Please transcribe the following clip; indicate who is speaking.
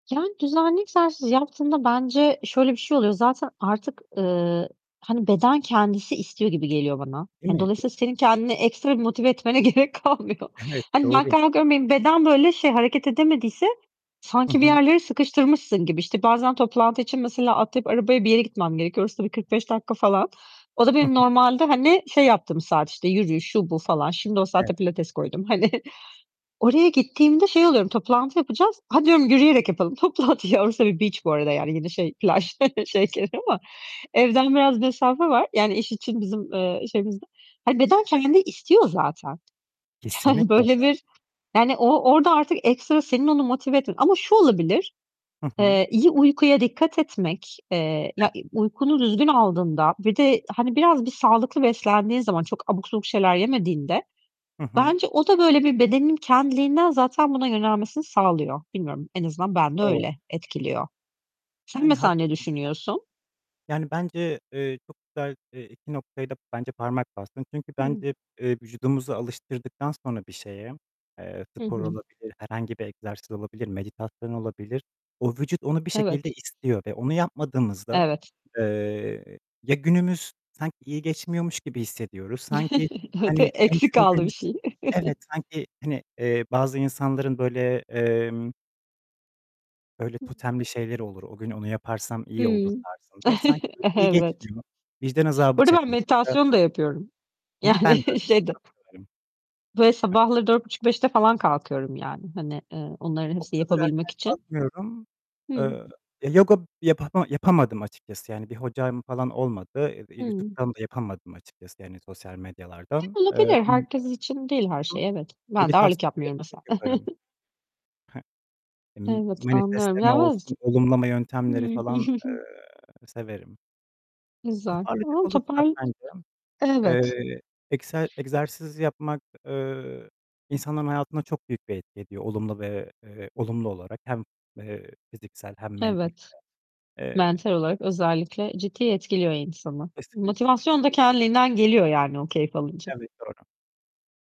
Speaker 1: Yani, düzenli egzersiz yaptığında bence şöyle bir şey oluyor. Zaten artık, eee, hani, beden kendisi istiyor gibi geliyor bana.
Speaker 2: Değil mi?
Speaker 1: Hani,
Speaker 2: Değil
Speaker 1: dolayısıyla
Speaker 2: mi?
Speaker 1: senin kendini ekstra bir motive etmene gerek kalmıyor.
Speaker 2: Evet,
Speaker 1: Hani, ben
Speaker 2: doğru.
Speaker 1: kalkıyorum, benim beden böyle şey, hareket edemediyse
Speaker 2: Hı
Speaker 1: sanki bir
Speaker 2: hı.
Speaker 1: yerlere sıkıştırmışsın gibi. İşte, bazen toplantı için, mesela, atlayıp arabaya bir yere gitmem gerekiyor. Orası da bir 45 dakika falan. O da
Speaker 2: Hı
Speaker 1: benim
Speaker 2: hı.
Speaker 1: normalde, hani, şey yaptığım saat, işte, yürüyüş, şu, bu falan. Şimdi o
Speaker 2: Evet.
Speaker 1: saate pilates koydum hani. Oraya gittiğimde şey oluyorum, toplantı yapacağız. "Hadi," diyorum. "yürüyerek yapalım toplantıyı." Ya orası bir beach bu arada yani, yine şey, plaj, [unintelligible] ama, evden biraz mesafe var, yani, iş için bizim, eee, şeyimizde. Hani, beden kendi istiyor zaten. Yani,
Speaker 2: Kesinlikle
Speaker 1: böyle
Speaker 2: [unintelligible]
Speaker 1: bir yani, o orada artık ekstra senin onu motive etmen ama şu olabilir:
Speaker 2: Hı hı.
Speaker 1: Eee, iyi uykuya dikkat etmek, eee ya
Speaker 2: Evet.
Speaker 1: uykunu düzgün aldığında ve de, hani, biraz bir sağlıklı beslendiğin zaman, çok abuk subuk şeyler yemediğinde,
Speaker 2: Hı hı.
Speaker 1: bence o da böyle bir bedenin kendiliğinden zaten buna yönelmesini sağlıyor. Bilmiyorum en azından bende
Speaker 2: Doğru.
Speaker 1: öyle etkiliyor. Sen
Speaker 2: Yani
Speaker 1: mesela ne
Speaker 2: haklısın.
Speaker 1: düşünüyorsun?
Speaker 2: Yani, bence, eee, çok güzel, eee, iki noktaya da bence parmak bastın. Çünkü
Speaker 1: Hıı.
Speaker 2: bence, eee, vücudumuzu alıştırdıktan sonra bir şeye, eee,
Speaker 1: Hı
Speaker 2: spor
Speaker 1: hı.
Speaker 2: olabilir, herhangi bir egzersiz olabilir, meditasyon olabilir, o vücut onu bir şekilde
Speaker 1: Evet.
Speaker 2: istiyor ve onu yapmadığımızda,
Speaker 1: Evet.
Speaker 2: eee, ya günümüz sanki iyi geçmiyormuş gibi hissediyoruz. Sanki,
Speaker 1: [unintelligible]
Speaker 2: hani, en
Speaker 1: Eksik kaldı bir
Speaker 2: sevdiğimiz
Speaker 1: şey.
Speaker 2: Evet sanki, hani, eee, bazı insanların böyle, emm böyle
Speaker 1: [unintelligible]
Speaker 2: totemli şeyleri olur. O gün onu yaparsam iyi olur
Speaker 1: Hımm.
Speaker 2: tarzında. Sanki böyle iyi
Speaker 1: Evet.
Speaker 2: geçmiyor. Vicdan
Speaker 1: Bu
Speaker 2: azabı
Speaker 1: arada ben
Speaker 2: çekmek ya da
Speaker 1: meditasyon da yapıyorum.
Speaker 2: Hı hı, ben de öyle,
Speaker 1: Yani şeyde
Speaker 2: çok severim.
Speaker 1: Böyle
Speaker 2: Hı.
Speaker 1: sabahları 04.30-05.00'te falan kalkıyorum yani, hani, eee, onların
Speaker 2: O
Speaker 1: hepsini
Speaker 2: kadar
Speaker 1: yapabilmek
Speaker 2: erken
Speaker 1: için.
Speaker 2: kalkmıyorum.
Speaker 1: Hıı.
Speaker 2: Eee, yoga yapama yapamadım açıkçası, yani, bir hocam falan olmadı. [unintelligible]
Speaker 1: Hıı.
Speaker 2: YouTube'dan da yapamadım açıkçası, yani, sosyal medyalardan,
Speaker 1: E,
Speaker 2: eee,
Speaker 1: olabilir.
Speaker 2: ama
Speaker 1: Herkes için değil her
Speaker 2: Hı hı,
Speaker 1: şey evet. Ben de ağırlık
Speaker 2: meditasyonları
Speaker 1: yapmıyorum mesela.
Speaker 2: çok yaparım. I hı. M
Speaker 1: Evet, anlıyorum.
Speaker 2: manifestleme olsun, olumlama
Speaker 1: [unintelligible]
Speaker 2: yöntemleri
Speaker 1: Hıı.
Speaker 2: falan, eee, severim.
Speaker 1: Güzel
Speaker 2: Toparlayacak
Speaker 1: ama
Speaker 2: olursak
Speaker 1: topar
Speaker 2: bence,
Speaker 1: Evet.
Speaker 2: eee, egse egzersiz yapmak, eee, insanların hayatına çok büyük bir etki ediyor olumlu ve, eee, olumlu olarak hem, eee, fiziksel hem mentalite.
Speaker 1: Evet,
Speaker 2: Eee
Speaker 1: mental olarak özellikle ciddi etkiliyor insanı,
Speaker 2: Kesinlikle.
Speaker 1: motivasyon da
Speaker 2: [unintelligible]
Speaker 1: kendiliğinden geliyor yani, o keyfi alınca.
Speaker 2: Evet, doğru.